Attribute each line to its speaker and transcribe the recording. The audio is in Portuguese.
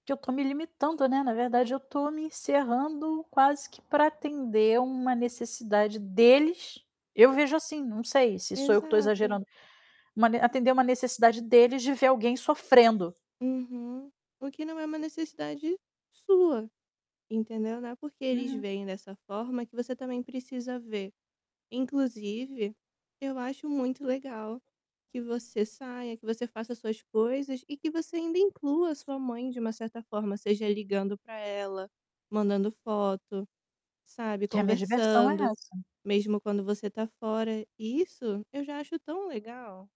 Speaker 1: Que eu tô me limitando, né, na verdade, eu tô me encerrando quase que pra atender uma necessidade deles. Eu vejo assim, não sei se sou eu que tô
Speaker 2: Exato.
Speaker 1: exagerando, mane atender uma necessidade deles, de ver alguém sofrendo.
Speaker 2: Uhum. O que não é uma necessidade sua, entendeu. Não é porque eles
Speaker 1: Uhum.
Speaker 2: veem dessa forma, que você também precisa ver. Inclusive, eu acho muito legal que você saia, que você faça suas coisas e que você ainda inclua a sua mãe de uma certa forma, seja ligando para ela, mandando foto, sabe,
Speaker 1: Que a minha diversão é
Speaker 2: conversando,
Speaker 1: essa.
Speaker 2: mesmo quando você tá fora. Isso eu já acho tão legal.